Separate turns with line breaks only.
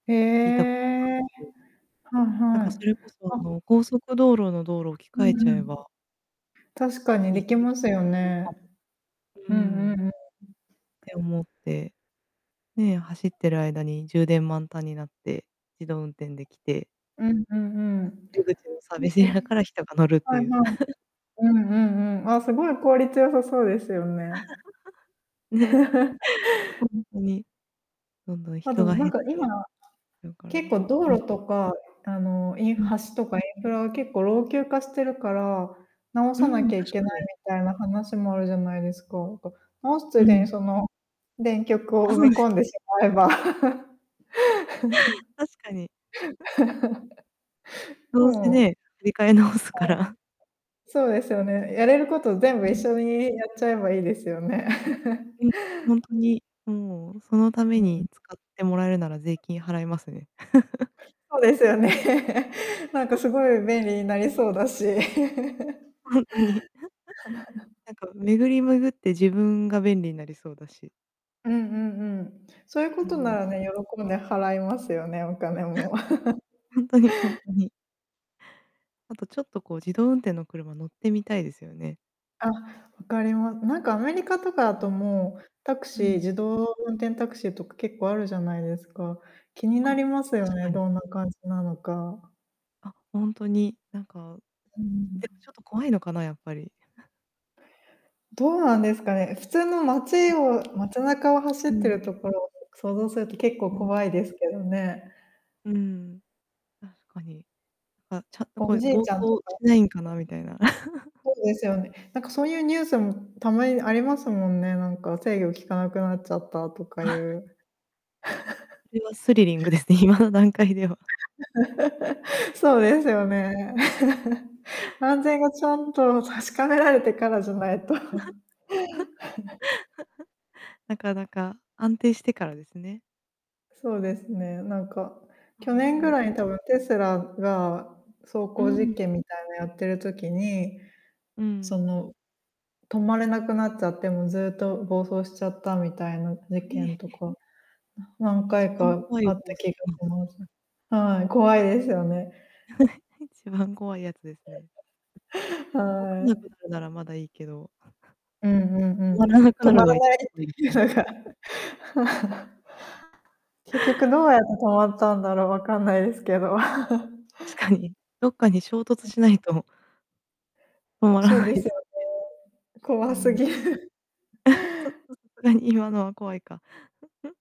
え
聞いたことが、
え。
うん。
はい
なん
は
かそ
い、
れこそ
あ。
あの、高速道路の道路、置き
う
換え
ん
ちゃ
う
え
ん。
ば
確かに
一
で
石
きますよ
二鳥
ね。
かも。う
うんうん
ん。
うん。
って思って。ねえ、走ってる間に充電満タンになって、自動運転できて
うんうんうん。
出口のサービスエリア
[unintelligible]
から人が乗るって
はいは
い
い。
う。
うんうんうん、あ、すごい効率良さそうですよね。
ね。ほ んとに。どんどん
まず、
人が
な
減
ん
っ
か今
て。
なら、
だから
結構道
うん。
路とか、あのイン
うん。
橋とかインフラは結構老朽化してるから、直
う
さな
ん、
きゃ
確
いけな
か
い
に。
みたいな話もあるじゃないですか。なんか、直すつ
う
いで
ん。
にその電極
あ、
を埋
そ
め
うです
込んで
ね。
しまえば
確かに。ど
も
うせ
う。は
ね、
い。
振り替え直すから
そうですよね、やれること全
う
部
ん。
一緒にやっちゃえばいいですよね。
うん。ほんとに、もうそのため
うん。
に使ってもらえるなら税金払いますね。
そうですよね。なんかすごい便 利になりそうだし。
ほんとに。なんか巡り巡って自分が便利になりそうだし。
うんうんうん、そういうこ
う
と
ん。
ならね、喜んで払いますよね、お金も
ほんとにほんとに。あとちょっとこう自動運転の車乗ってみたいですよね。
あ、わかりまなんかアメリカとかだ
う
と
ん。
もう、タク
う
シー
ん。
自動運転タクシーとか結構あるじゃないですか。気にな
あ、
りますよ
確
ね、
かに。
どんな感じなのか。
あ、ほんとに。なんか、
うん。
でもちょっと怖いのかな、やっぱり。
どうなんですかね、普通の街
うん。
を街中を走
う
ってる
ん。
ところを想像すると結構
うん。
怖いですけどね。
うんうん、確かに。あ、ちゃんとこ
お
う
じ
暴
いち
走
ゃんとか
し
っ
ない
て
んかなみたいな。
そうですよね、なんかそういうニュースもたまにありますもんね、なんか制御きかなくなっちゃったとかい う。
それはスリリングですね、今の段階では
そうですよ ね。安全がちゃんと確かめられてからじゃないと。
なかなか安定してからですね。
そうですね、なんか、
ま
去
あ、
年ぐ
ね。
らいに多分テスラが、走
う
行
んう
実
ん。
験みたいのやってる時に
う
そ
ん。
の、止まれなくなっちゃってもうずっと暴走しちゃったみたいな事件と
[unintelligible]
か、何
一
回
番
か
怖い
あった
高
気が
速の
します。はい、怖いですよね。
一番怖いやつですね。動か
は
なく
い。
なるならまだいいけど。
うんうんう
終
ん、
わらなく
止
なる
ま
の
ら
が一
ないっ
番
て
怖いで
い
す
う
ね。
のが 結局どうやって止まったんだろう、わかんないですけど。
確かに。どっかに衝突
うん。
しないと止まら
そう
な
で
い
す
で
よ
すもんね。
ね。
う
怖す
ん。
ぎる。
ちょっ [unintelligible] 今のは怖いか。